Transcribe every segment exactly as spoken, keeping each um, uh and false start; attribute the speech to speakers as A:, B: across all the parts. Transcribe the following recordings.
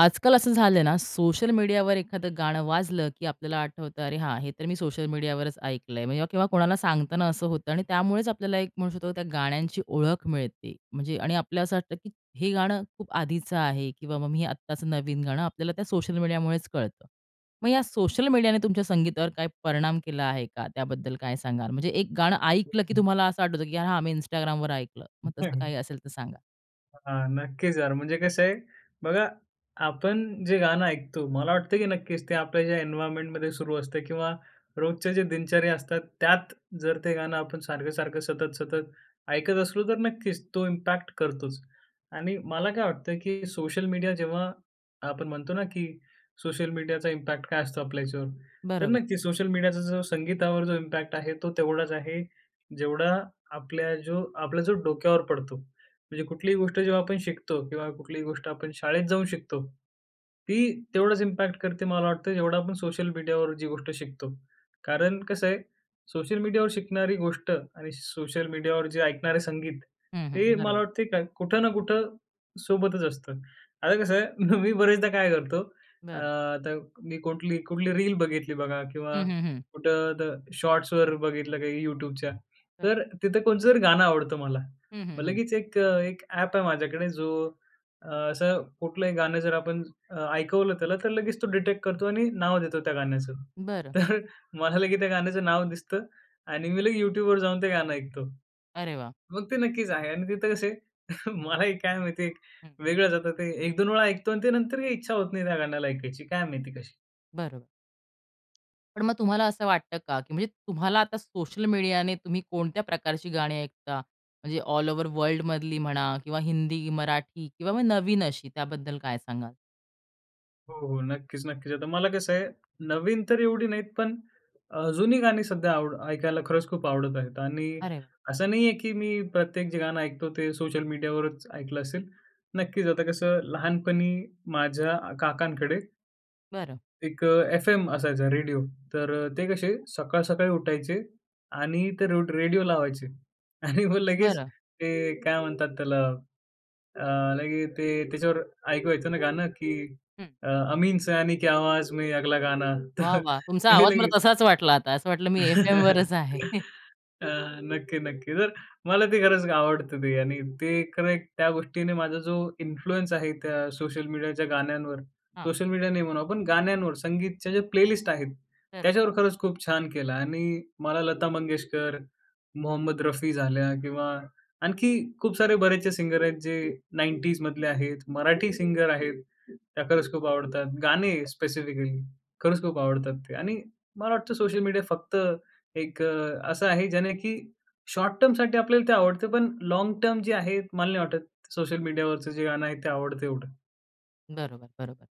A: आजकाल, असं झालंय ना, सोशल मीडियावर एखादं गाणं वाजलं, की आपल्याला आठवतं, अरे हां, हे तर मी सोशल मीडियावरच ऐकलंय म्हणजे किंवा कोणाला सांगताना असं होतं आणि त्यामुळेच आपल्याला, एक म्हणू शकतो, त्या गाण्यांची ओळख मिळते, म्हणजे आणि आपल्याला असं वाटतं की हे गाणं खूप आधीचं आहे किंवा मग मी हे आत्ताचं नवीन गाणं आपल्याला त्या सोशल मीडियामुळेच कळतं. मग या सोशल मीडियाने तुमच्या संगीतावर काही परिणाम केला आहे का? त्याबद्दल काय सांगाल? म्हणजे एक गाणं ऐकलं की
B: [unintelligible]
A: तुम्हाला असं आठवतं की “हां, मी Instagramवर ऐकलं” मग तसं काही
B: [unintelligible]
A: असेल तर सांगा?
B: हां, नक्कीच यार म्हणजे कसं आहे, बघा आपण जे गाणं ऐकतो, मला वाटतं की नक्कीच ते आपल्या ज्या एन्व्हायर्नमेंटमध्ये सुरू असतं किंवा रोजचे जे दिनचर्या असतात त्यात जर ते गाणं आपण सारखं-सारखं, सतत-सतत, ऐकत असलो, तर नक्कीच तो इम्पॅक्ट करतोच. आणि मला काय वाटतं, की सोशल मीडिया जेव्हा आपण म्हणतो ना, की सोशल मीडियाचा इम्पॅक्ट काय असतो आपल्या याच्यावर? तर
A: बरोबर.
B: नक्की सोशल मीडियाचा जो संगीतावर जो इम्पॅक्ट आहे, तो तेवढाच आहे जेवढा आपल्या जो आपला जो डोक्यावर पडतो, म्हणजे कुठलीही गोष्ट जेव्हा आपण शिकतो किंवा कुठलीही गोष्ट आपण शाळेत जाऊन शिकतो, ती तेवढंच इम्पॅक्ट करते, मला वाटतं जेवढं आपण सोशल मीडियावर जी गोष्ट शिकतो. कारण कसं आहे, सोशल मीडियावर शिकणारी गोष्ट आणि सोशल मीडियावर जे ऐकणारे संगीत
A: हं, हं,
B: ते मला
A: बरोबर.
B: वाटते का, कुठं ना कुठं सोबतच असतं. आता कसं आहे मी बरेचदा काय करतो अ,
A: बरं.
B: आता मी कुठली कुठली रील बघितली बघा किंवा
A: हं, हं, हं.
B: कुठं द शॉट्सवर बघितलं काही YouTubeच्या,
A: बरं.
B: तर तिथं कोणचं जर गाणं आवडतं मला
A: हं, हं,
B: मग
A: हं.
B: लगेच एक अ, एक ॲप आहे माझ्याकडे जो असं कुठलंही गाणं जर आपण अ, ऐकवलं त्याला तर लगेच तो डिटेक्ट करतो आणि नाव देतो त्या गाण्याचं.
A: बरं.
B: तर मला लगेच त्या गाण्याचं नाव दिसतं आणि मी लगी YouTubeवर जाऊन ते गाणं ऐकतो
A: अरे वाह!
B: मग ते नक्कीच आहे. आणि तिथं कसं आहे मलाही काय माहिती एक
A: हं.
B: वेगळंच आता ते एक दोन वेळा ऐकतो आणि ते नंतरही इच्छा होत नाही त्या गाण्याला ऐकायची, काय माहिती कशी?
A: बरोबर. पण मग तुम्हाला असं वाटतं का, की म्हणजे तुम्हाला आता सोशल मीडियाने तुम्ही कोणत्या प्रकारची गाणी ऐकता? म्हणजे ऑल ओव्हर वर्ल्डमधली म्हणा किंवा हिंदी, मराठी किंवा मग नवीन अशी, त्याबद्दल काय सांगाल?
B: हो, हो. नक्कीच, नक्कीच. आता मला कसंय, नवीन तर एवढी नाहीत, पण अ, जुनी गाणी सध्या आवड ऐकायला खरंच खूप आवडत आहेत. आणि
A: अरे!
B: असं नाहीये, की मी प्रत्येक जे गाणं ऐकतो, ते सोशल मीडियावरच ऐकलं असेल. नक्कीच आता कसं, लहानपणी माझ्या अ, काकांकडे
A: बरं.
B: एक अ, एफ-एम असायचा रेडियो. तर अ, ते कसे सकाळ-सकाळी उठायचे आणि ते रेड रेडियो लावायचे. आणि मग लगेच
A: बरं.
B: ते काय म्हणतात त्याला अ, लगेच ते त्याच्यावर ऐकू येत ना गाणं, की
A: हं.
B: अ, अमीन सयानी के आवाज में अगला गाना
A: वाह,
B: तर
A: वाह! तुमचा
B: ते
A: आवाज मला
B: लगेच.
A: तसाच वाटला आता, असं वाटलं मी एफ-एमवरच आहे.
B: अ, नक्की-नक्की. तर मला ते खरंच आवडतं ते. आणि ते एक खरं एक त्या गोष्टीने माझा जो इन्फ्लुअन्स आहे त्या सोशल मीडियाच्या गाण्यांवर,
A: हां.
B: सोशल मीडिया नाही म्हणू आपण गाण्यांवर. संगीतच्या ज्या प्लेलिस्ट आहेत
A: तर अ.
B: त्याच्यावर खरंच खूप छान केला आणि मला लता मंगेशकर, मोहम्मद रफी झाल्या किंवा आणखी खूप सारे बरेचसे सिंगर आहेत जे नाइंटीज मधले आहेत, मराठी सिंगर आहेत, त्या खरंच खूप आवडतात. गाणे स्पेसिफिकली खरंच खूप आवडतात ते. आणि मला वाटतं सोशल मीडिया फक्त एक अ, असं आहे ज्याने की शॉर्ट-टर्मसाठी आपल्याला ते आवडतं, पण लाँग-टर्म जे आहे, मला नाही वाटत सोशल मीडियावरचं जे गाणं आहे ते आवडतं एवढं.
A: बरोबर, बरोबर.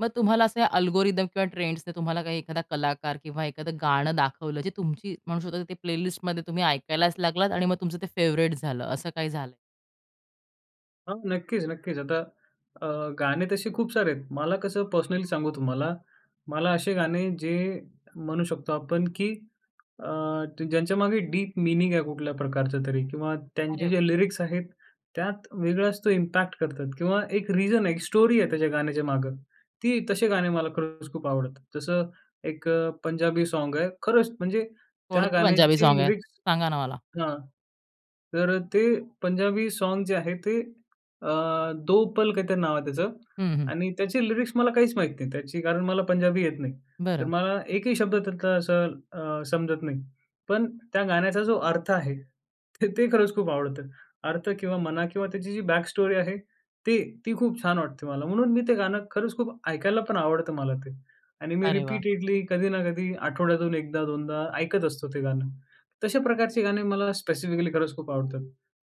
A: मग तुम्हाला असं अल्गोरिदम किंवा ट्रेंड्सचं एखादा कलाकार किंवा एखादं गाणं दाखवलं, जे तुमची म्हणू शकता की प्ले लिस्टमध्ये तुम्ही ऐकायलाच लागलात आणि मग तुमचं ते फेवरेट झालं, असं काही झालंय?
B: हां, नक्कीच, नक्कीच. आता अ, गाणे तसे खूप सारे आहेत. मला कसं पर्सनली सांगू तुम्हाला, मला असे गाणे जे म्हणू शकतो आपण की अ, ज्यांच्यामागे डीप मीनिंग आहे कुठल्या प्रकारचं तरी किंवा
A: अरे
B: त्यांचे
A: वा!
B: जे लिरिक्स आहेत त्यात वेगळाच तो इम्पॅक्ट करतात किंवा एक रीजन आहे, एक स्टोरी आहे त्याच्या गाण्याच्या मागे. ती तसे गाणे मला खरंच खूप आवडतात. जसं एक अ, पंजाबी साँग आहे, खरंच म्हणजे त्या
A: कोणते पंजाबी
B: गाण्याची
A: साँग आहे?
B: लिरिक्स
A: सांगा ना मला.
B: हां, तर ते पंजाबी साँग जे आहे ते अ, "दो पल" काहीतरी नाव आहे त्याचं
A: हं, हं.
B: आणि त्याची लिरिक्स मला काहीच माहीत नाही त्याची कारण मला पंजाबी येत नाही. तर,
A: बरं.
B: मला एकही शब्द त्यातला असा अ, समजत नाही. पण त्या गाण्याचा जो अर्थ आहे, तर, ते खरंच खूप आवडतं. अर्थ किंवा म्हणा किंवा त्याची जी बॅक स्टोरी आहे, ती ती खूप छान वाटते मला. म्हणून मी ते गाणं खरंच खूप ऐकायला पण आवड आवडतं मला ते. आणि मी
A: अरे वाह!
B: रिपीटेडली कधी ना कधी आठवड्यातून एकदा-दोनदा ऐकत असतो ते गाणं. तशा प्रकारचे गाणे मला स्पेसिफिकली खरंच खूप आवडतात.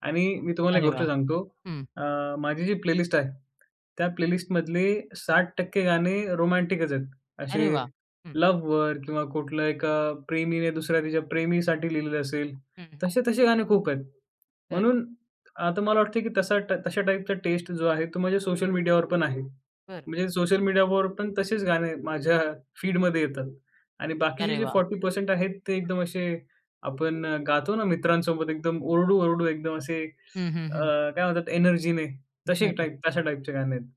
B: आणि मी तुम्हाला एक
A: अरे
B: गोष्ट
A: वाह!
B: सांगतो
A: हं.
B: अ, माझी जी प्लेलिस्ट आहे, त्या प्लेलिस्टमधले साठ टक्के गाणे रोमॅटिकच आहेत. असे
A: अरे वाह! हं.
B: लव्हवर किंवा कुठलं एका प्रेमीने दुसऱ्या तिच्या प्रेमीसाठी लिहिलेलं असेल,
A: हं, हं.
B: तसे-तसे गाणे खूप आहेत,
A: बरं.
B: म्हणून आता मला वाटते की तसा तशा टाईपचा टेस्ट जो आहे तो माझ्या सोशल मीडियावर पण आहे.
A: बरं.
B: म्हणजे सोशल मीडियावर पण तसेच गाणे माझ्या फीडमध्ये येतात आणि बाकीचे
A: अरे
B: जे
A: वाह!
B: फोरटी परसेंट आहेत ते एकदम असे आपण गातो ना मित्रांसोबत एकदम ओरडू-ओरडू एकदम असे
A: हं, हं,
B: अ,
A: हं.
B: काय म्हणतात एनर्जीने तसे
A: बरं.
B: टाइप तशा टाइपचे गाणे आहेत.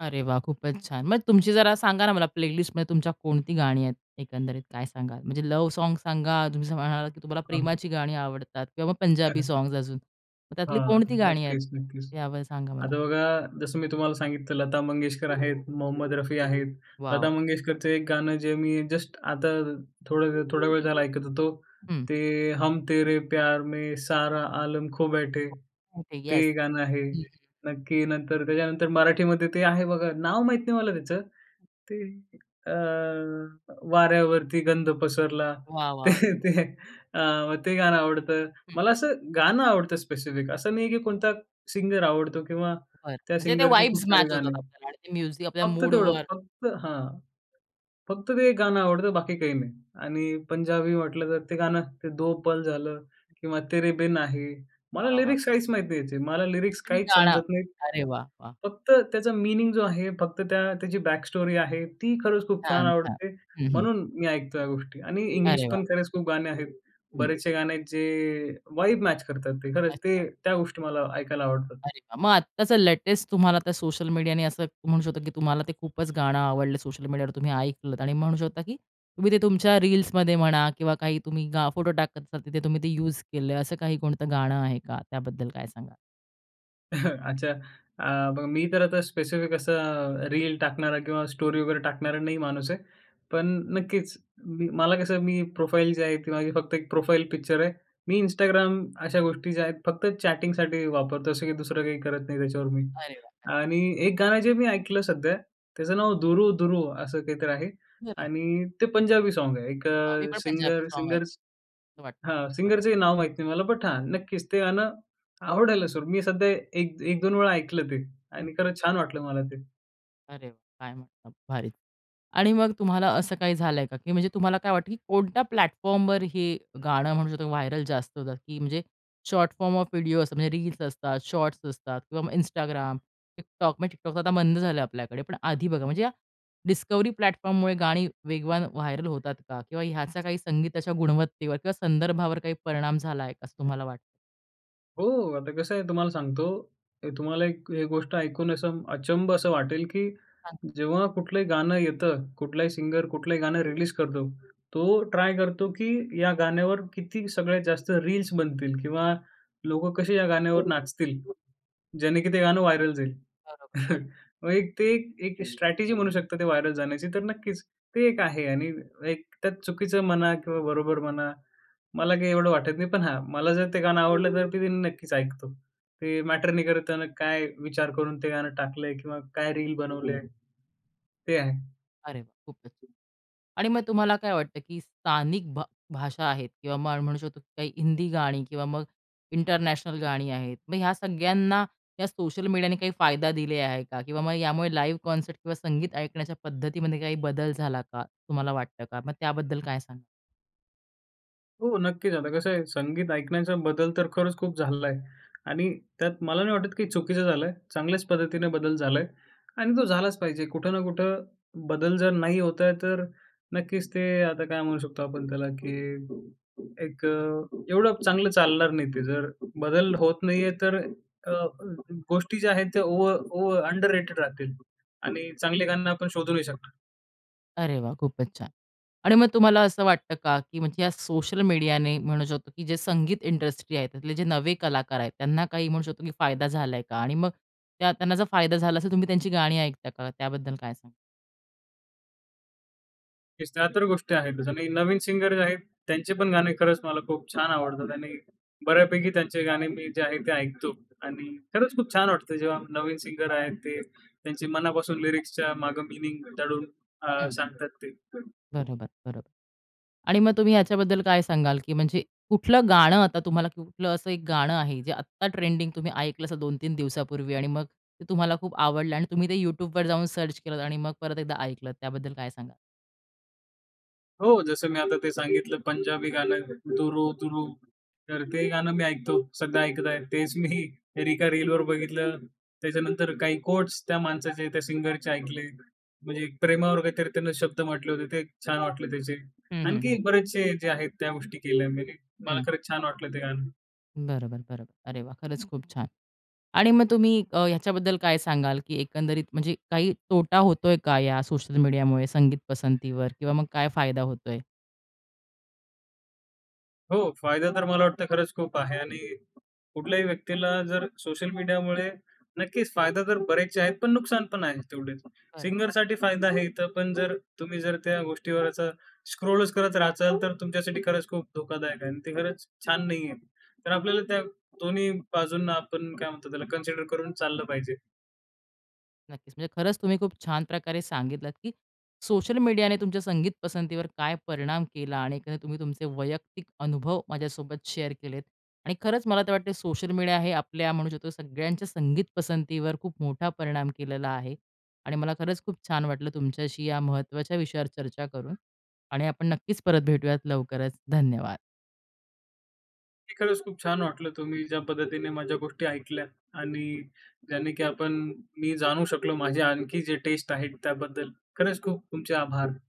A: अरे वाह! खूपच छान! मग तुमची जरा सांगा ना मला, प्लेलिस्टमध्ये तुमच्या कोणती गाणी आहेत? एकंदरीत काय सांगाल? म्हणजे, लव्ह सॉन्ग्स सांगा. तुम्ही जसं म्हणालात, की तुम्हाला
B: हां.
A: प्रेमाची गाणी आवडतात किंवा पंजाबी सॉन्ग्स अजून. मग त्यातली
B: हां.
A: कोणती गाणी आहेत?
B: नक्कीच, नक्कीच.
A: यावळ सांगा मला.
B: आता बघा जसं मी तुम्हाला सांगितलं, लता मंगेशकर आहेत, मोहम्मद रफी आहेत. लता
A: वाव!
B: मंगेशकरचं एक गाणं जे मी जस्ट आता, थोडंवेळ थोडावेळ झाला ऐकत होतो.
A: हं.
B: ते हम तेरे प्यार में सारा आलम खो बैठे.
A: [unintelligible] ओके येस,
B: ते गाणं आहे.
A: हं, हं.
B: नक्की. नंतर त्याच्यानंतर मराठीमध्ये ते आहे बघा, नाव माहीत नाही मला त्याच ते अ, वाऱ्यावरती गंध पसरला
A: वा!
B: ते,
A: वॉव!
B: ते आव ते गाणं आवडतं.
A: हं.
B: मला असं गाणं आवडतं, स्पेसिफिक असं नाही आहे, की कोणता सिंगर आवडतो किंवा
A: बरं.
B: त्या
A: म्हणजे ते
B: सिंगरचे
A: वाइब्स
B: खूप सारे
A: मॅच
B: गाणे.
A: होतात आपल्याला आणि ते म्युझिक आपल्या
B: फक्त तेवढं
A: मूडवर
B: फक्त हां. फक्त ते एक गाणं आवडतं बाकी काही नाही. आणि पंजाबी म्हटलं, तर ते गाणं ते दो पल झालं किंवा तेरे बिन आहे. मला
A: वा! वा!
B: लिरिक्स काहीच माहीत नाही ह्याचे, मला लिरिक्स
A: [unintelligible]
B: काहीच
A: गाणं
B: समजत नाहीत.
A: अरे वा! वा!
B: फक्त त्याचा मीनिंग जो आहे, फक्त त्या त्याची बॅकस्टोरी आहे. ती खरंच खूप छान
A: छान, छान.
B: आवडते.
A: हं, हं.
B: म्हणून मी ऐकतो या गोष्टी आणि इंग्लिश
A: अरे वाह!
B: पण खरंच खूप गाणे आहेत.
A: हं.
B: बरेचसे गाणे आहेत जे वाइब मॅच करतात ते, खरंच ते
A: अच्छा.
B: त्या गोष्टी मला ऐकायला आवडतात.
A: अरे वा! मग आत्ताचं लेटेस्ट तुम्हाला आता सोशल मीडियाने असं म्हणू शकतो, की तुम्हाला ते खूपच गाणं आवडलं सोशल मीडियावर तुम्ही ऐकलत. आणि म्हणू शकता, की तुम्ही ते तुमच्या रील्समध्ये म्हणा किंवा काही तुम्ही गा फोटो टाकत असाल, तिथे तुम्ही ते युज केलंय, असं काही कोणतं गाणं आहे का? त्याबद्दल काय सांगाल?
B: अच्छा! आ, बघा मी तर आता स्पेसिफिक असा रील टाकणारा किंवा स्टोरी वगैरे टाकणारा नाही माणूस आहे. पण नक्कीच, मी मला कसं मी प्रोफाईल जी आहे, ती माझी फक्त एक प्रोफाईल पिक्चर आहे. मी Instagram अशा गोष्टी ज्या आहेत, फक्त चॅटिंगसाठी वापरतो, असं की दुसरं काही करत नाही त्याच्यावर मी.
A: अरे वाह! हं.
B: आणि एक गाणं जे मी ऐकलं सध्या त्याचं नाव 'दुरू-दुरू' असं काहीतरी आहे
A: [unintelligible]
B: आणि ते पंजाबी सॉन्ग आहे. एक
A: हां, मी
B: अ,
A: पण पंजाबी सॉन्ग
B: सिंगर-सिंगर्स
A: ऐकतो. असं
B: हां,
A: वाटतं खरं.
B: सिंगरचंही नाव माहीत नाही मला. बट हां, नक्कीच ते गाणं आवडायला सुरु मी सध्या एक एक दोन वेळा ऐकलं ते. आणि खरंच छान वाटलं मला ते.
A: अरे वा! काय म्हणता, भारी. आणि मग तुम्हाला असं काही झालंय का, की म्हणजे तुम्हाला काय वाटतं की, कोणत्या प्लॅटफॉर्मवर ही गाणं म्हणू शकतो व्हायरल जास्त जात की म्हणजे शॉर्ट फॉर्म ऑफ व्हिडिओ असं म्हणजे रील्स असतात, शॉर्ट्स असतात किंवा मग Instagram, TikTok, म्हणजे TikTok आता बंद झालं आपल्याकडे. पण आधी बघा, म्हणजे डिस्कव्हरी प्लॅटफॉर्ममुळे गाणी वेगवान व्हायरल होतात का? किंवा ह्याचा काही संगीताच्या गुणवत्तेवर किंवा संदर्भावर काही परिणाम झालाय असं तुम्हाला वाटतं?
B: हो, आता कसंय तुम्हाला सांगतो, ते तुम्हाला एक ए गोष्ट ऐकून असं अचंब असं वाटेल की
A: हां.
B: जेव्हा कुठलंही गाणं येतं, कुठलाही सिंगर कुठलंही गाणं रिलीज करतो, तो ट्राय करतो की, या गाण्यावर किती सगळ्यात जास्त रील्स बनतील किंवा लोकं कशी या गाण्यावर नाचतील, ज्याने की ते गाणं व्हायरल जाईल.
A: बरोबर. हो ना.
B: मग एक ते एक स्ट्रॅटेजी म्हणू शकतात ते व्हायरल जाण्याची. तर नक्कीच, ते एक आहे आणि एक त्यात चुकीचं म्हणा किंवा बरोबर म्हणा मला काही एवढं वाटत नाही. पण हा, मला जर ते गाणं आवडलं तर ते नक्कीच ऐकतो. ते मॅटर नाही करताना काय विचार करून ते गाणं टाकलंय किंवा काय रील बनवलंय. ते आहे.
A: अरे वाह! खूपच [unintelligible] आणि मग तुम्हाला काय वाटतं, की स्थानिक भा भाषा आहेत किंवा म मग म्हणू शकतो, की काही हिंदी गाणी किंवा मग इंटरनॅशनल गाणी आहेत, मग ह्या सगळ्यांना या सोशल मीडियाने काही फायदा दिले आहे का? किंवा मग यामुळे लाईव्ह कॉन्सर्ट किंवा संगीत ऐकण्याच्या पद्धतीमध्ये काही बदल झाला का? तुम्हाला वाटतं का? मग त्याबद्दल काय सांगाल?
B: हो नक्कीच, आता कसंय संगीत ऐकण्याचा बदल तर खरंच खूप झालाय. आणि त्यात मला नाही वाटत, की चुकीचं झालंय, चांगल्याच पद्धतीने बदल झालाय आणि तो झालाच पाहिजे, कुठं ना कुठं बदल जर नाही होत आहे तर नक्कीच ते आता काय म्हणू शकतो आपण त्याला, की एक अ, एवढं चांगलं चालणार नाही ते, जर बदल होत नाही आहे तर अ, गोष्टी ज्या आहेत त्या ओव ओव अंडररेटेड राहतील आणि चांगले गाणे आपण शोधू नाही शकणार.
A: अरे वाह! खूपच छान. आणि मग तुम्हाला असं वाटतं का की म्हणजे या सोशल मीडियाने म्हणू शकतो, की जे संगीत इंडस्ट्री आहे, त्यातले जे नवे कलाकार आहेत त्यांना काही म्हणू शकतो की फायदा झालाय का? आणि मग त्यांना जर फायदा झाला असेल तर तुम्ही त्यांची गाणी ऐकता का? त्याबद्दल काय सांगाल?
B: त्या तर गोष्टी आहेतच आणि नवीन सिंगर जे आहेत, त्यांचे पण गाणे खरंच मला खूप छान आवडतात आणि बऱ्यापैकी त्यांचे गाणे मी जे आहेत ते ऐकतो आणि खरंच खूप छान वाटतं जेव्हा नवीन सिंगर आहेत ते त्यांचे मनापासून लिरिक्सच्या मागं मीनिंग दडून अ,
A: हं.
B: सांगतात ते.
A: बरोबर, बरोबर. आणि मग तुम्ही याच्याबद्दल काय सांगाल, की म्हणजे कुठलं गाणं आता तुम्हाला कुठलं असं एक गाणं आहे, जे आत्ता ट्रेंडिंग तुम्ही ऐकलं असं दोन-तीन दिवसांपूर्वी आणि मग ते तुम्हाला खूप आवडलं आणि तुम्ही ते YouTubeवर जाऊन सर्च केलत आणि मग परत एकदा ऐकलं त्याबद्दल काय सांगाल?
B: हो जसं मी आता ते सांगितलं पंजाबी गाणं. 'दुर दुरू.' तर ते गाणं मी ऐकतो सध्या ऐकत आहे. तेच मी रिका रीलवर बघितलं. त्याच्यानंतर काही कोट्स त्या माणसाचे त्या सिंगरचे ऐकले. म्हणजे प्रेमावर काहीतरी त्यानं शब्द म्हटले होते ते छान वाटले त्याचे.
A: हं, हं,
B: आणखी
A: हं.
B: बरेचसे जे आहेत त्या गोष्टी केल्या मी. मला
A: हं.
B: खरंच छान वाटलं ते गाणं.
A: बरोबर, बरोबर. अरे वाह! खरंच खूप छान. आणि मग तुम्ही अ, ह्याच्याबद्दल काय सांगाल, की एकंदरीत म्हणजे काही तोटा होतोय का या सोशल मीडियामुळे संगीत पसंतीवर किंवा मग काय फायदा होतोय?
B: हो फायदा तर मला वाटतं खरंच खूप आहे आणि कुठल्याही व्यक्तीला जर सोशल मीडियामुळे नक्कीच फायदा तर बरेचसे आहेत पण नुकसान पण आहे तेवढेच.
A: बरं.
B: सिंगरसाठी फायदा आहे इथं, पण जर तुम्ही जर त्या गोष्टीवरचं स्क्रोलच करत राचाल तर तुमच्यासाठी खरंच खूप धोकादायक आहे आणि ते खरंच छान नाहीये. तर आपल्याला त्या दोन्ही बाजूंना आपण काय म्हणतात त्याला, कन्सिडर करून चाललं पाहिजे.
A: नक्कीच, म्हणजे खरंच तुम्ही खूप छान प्रकारे सांगितलात, की सोशल मीडियाने तुमच्या संगीत पसंतीवर काय परिणाम केला आणि कसं तुम्ही तुमचे वैयक्तिक अनुभव माझ्यासोबत शेअर केलेत आणि खरंच मला तर वाटते सोशल मीडिया हे आपल्या म्हणू शकतो सगळ्यांच्या संगीत पसंतीवर खूप मोठा परिणाम केलेला आहे. आणि मला खरंच खूप छान वाटलं तुमच्याशी या महत्त्वाच्या विषयावर चर्चा करून. आणि, आपण नक्कीच परत भेटूयात लवकरच, धन्यवाद.
B: की खरंच खूप छान वाटलं तुम्ही ज्या पद्धतीने माझ्या गोष्टी ऐकल्या आणि ज्याने की आपण मी जाणू शकलो माझे आणखी जे टेस्ट आहेत त्याबद्दल, खरंच खूप तुमचे आभार.